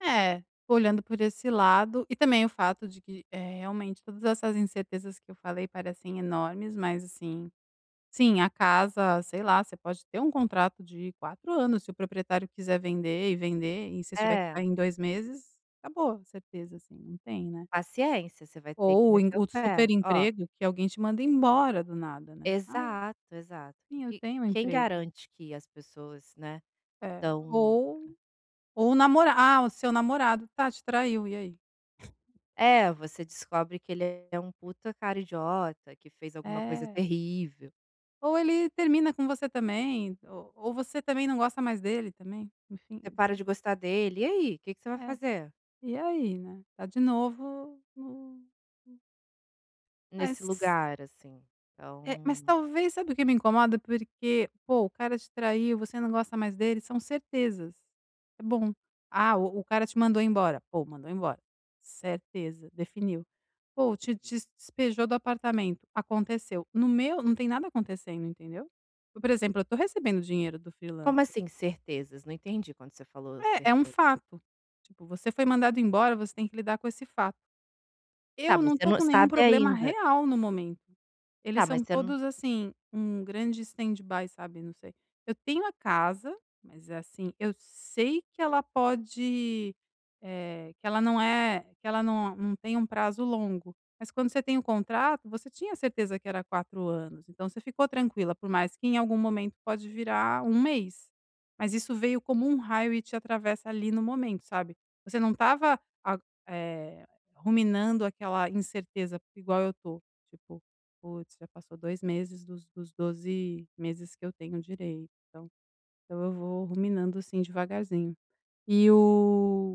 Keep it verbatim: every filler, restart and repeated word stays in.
É. Olhando por esse lado. E também, o fato de que, eh, realmente, todas essas incertezas que eu falei parecem enormes, mas, assim Sim, a casa, sei lá, você pode ter um contrato de quatro anos. Se o proprietário quiser vender e vender, e se você tiver que É. sair em dois meses, acabou a certeza, assim, não tem, né. Paciência. Você vai ter que Ou o em meter o o super pé. Ó emprego que alguém te manda embora, do nada, né. Ah." Exato. Exato. Sim, eu E, q tenho um quem emprego." garante que as pessoas, né, É. estão Ou ou o namora "Ah, o seu namorado, tá, te traiu." E aí? É. É. Você descobre que ele é um puta cara idiota. Que fez alguma coisa É. terrível. Ou ele termina com você, também. O ou você, também, não gosta mais dele, também, enfim. Você para de Enfim. gostar dele. E aí, que que você vai É. fazer? E, aí, né? Tá de novo no no Nesse Mas lugar, assim, É. Mas, então talvez, sabe o que me incomoda, porque, pô, o cara te traiu, você não gosta mais dele, são certezas. É, bom. Ah, o o cara te mandou embora. Pô, mandou embora. Certeza. Definiu. Pô, te des despejou do apartamento, aconteceu. No meu, não tem nada acontecendo, entendeu? Por exemplo, eu tô recebendo dinheiro do Como freelancer. assim "certezas"? Não entendi quando você falou É. É um "certeza." fato. Tipo, você foi mandado embora, você tem que lidar com esse fato. Tá, Eu, mas, não você tô não com nenhum sabe, problema ainda. real, no momento. Eles Tá, mas, são você não todos, assim, um grande stand-by, sabe, não sei. Eu tenho a casa, mas, é assim, eu sei que ela pode eh, que ela não eh, que ela não não tem um prazo longo, mas quando você tem o contrato, você tinha certeza que era quatro anos, então você ficou tranquila por mais que em algum momento, pode virar um mês. Mas, isso veio como um raio e te atravessa, ali, no momento, sabe. Você não estava a eh, ruminando aquela incerteza igual eu tô, tipo: "Putz, já passou dois meses dos dos doze meses que eu tenho direito." Então então eu vou ruminando, assim, devagarzinho. E, o